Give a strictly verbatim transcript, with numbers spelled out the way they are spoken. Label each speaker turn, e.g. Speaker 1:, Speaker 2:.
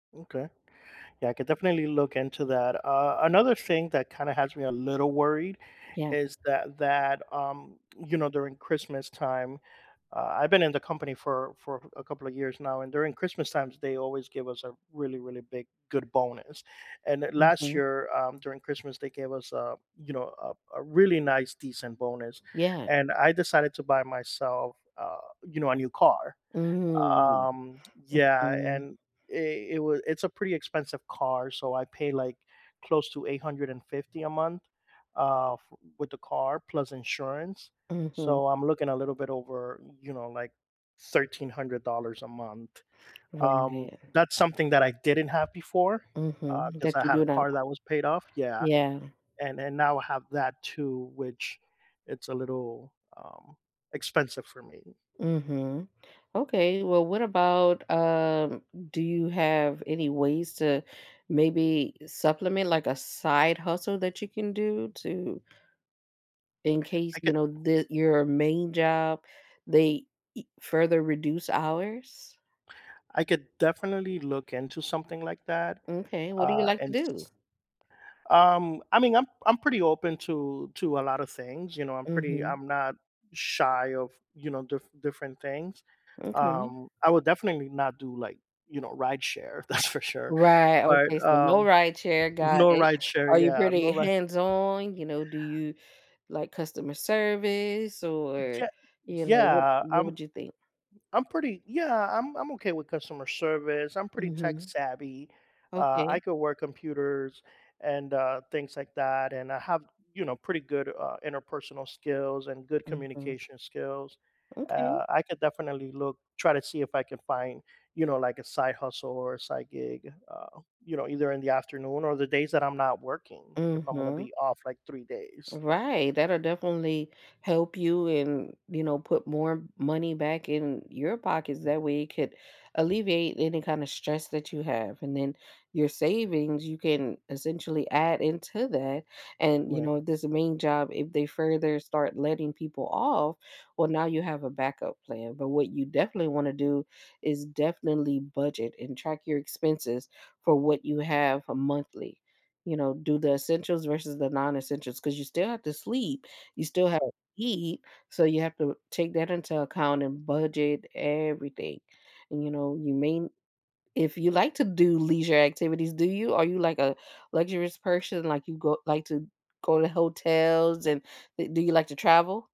Speaker 1: Okay. Yeah, I could definitely look into that. Uh, another thing that kinda has me a little worried
Speaker 2: Yeah.
Speaker 1: is that that, um, you know, during Christmas time, uh- I been in the company for for a couple of years now- and during Christmas times, they always give us a really, really big, good bonus, and last
Speaker 2: Mhm.
Speaker 1: year, um, during Christmas, they gave us, uh, you know, a a really nice, decent bonus,
Speaker 2: Yeah.
Speaker 1: and I decided to buy myself, uh, you know, a new car,
Speaker 2: Mm,
Speaker 1: um, yeah,
Speaker 2: mhm.
Speaker 1: and it it wa it's a pretty expensive car, so I pay like close to eight hundred and fifty a month, uh, f with the car, plus insurance,
Speaker 2: Mhm.
Speaker 1: so I'm looking a little bit over, you know, like, thirteen hundred dollars a month. Um,
Speaker 2: Right.
Speaker 1: that's something that I didn't have before, uh,
Speaker 2: Mhm,
Speaker 1: 'cause
Speaker 2: that
Speaker 1: I
Speaker 2: you
Speaker 1: had
Speaker 2: do
Speaker 1: a
Speaker 2: not
Speaker 1: car that was paid off yeah,
Speaker 2: Yeah.
Speaker 1: and and now I have that too, which it's a little, um, expensive for me.
Speaker 2: Mhm. Okay, well, what about, um, do you have any ways to maybe supplement, like, a side hustle that you can do to in case,
Speaker 1: I
Speaker 2: you
Speaker 1: could
Speaker 2: know, that your main job, they e further reduce hours?
Speaker 1: I could definitely look into something like that,
Speaker 2: M'kay, what do you
Speaker 1: uh,
Speaker 2: like to
Speaker 1: and s
Speaker 2: do?
Speaker 1: s um, I mean, I'm I'm pretty open to to a lotta things, you know, I'm pretty
Speaker 2: Mhm.
Speaker 1: I'm not shy of, you know, diff different things,
Speaker 2: Okay.
Speaker 1: um, I would definitely not do, like, you know, rideshare, that's for sure.
Speaker 2: Right,
Speaker 1: But,
Speaker 2: okay. So, no
Speaker 1: um
Speaker 2: rideshare, got
Speaker 1: no
Speaker 2: it.
Speaker 1: rideshare,
Speaker 2: Are you
Speaker 1: yeah, no
Speaker 2: pretty
Speaker 1: ri
Speaker 2: hands on? You know, do you like customer service or,
Speaker 1: Je
Speaker 2: you know, what
Speaker 1: yeah,
Speaker 2: what
Speaker 1: I'm
Speaker 2: would you think?
Speaker 1: I'm pretty yeah, I'm I'm okay with customer service, I'm pretty tech
Speaker 2: Mhm.
Speaker 1: savvy. Uh, I
Speaker 2: Okay.
Speaker 1: could work computers and, uh, things like that and I have, you know, pretty good, uh, interpersonal skills and good
Speaker 2: Mhm.
Speaker 1: communication skills.
Speaker 2: Okay.
Speaker 1: Uh, I could definitely look try to see if I can find, you know, like, a side hustle or a side gig, uh, you know, either in the afternoon or the days that I'm not working, if I'm gonna
Speaker 2: Mhm.
Speaker 1: be off, like, three days.
Speaker 2: Right, that'll definitely help you and, you know, put more money back in your pockets, that way it could alleviate any kinda stress that you have, and then your savings, you can essentially add into that and, you
Speaker 1: Right.
Speaker 2: know, this main job, if they further start letting people off, well, now you have a backup plan, but what you definitely wanna do, is definitely budget and track your expenses for what you have a monthly, you know, do the essentials versus the non-essentials 'cause you still have to sleep, you still have
Speaker 1: Right.
Speaker 2: eat. So, you have to take that into account and budget everything. And, you know, you may if you like to do leisure activities, do you? Are you, like, a luxurious person, like, you go like to go to hotels and, uh, do you like to travel?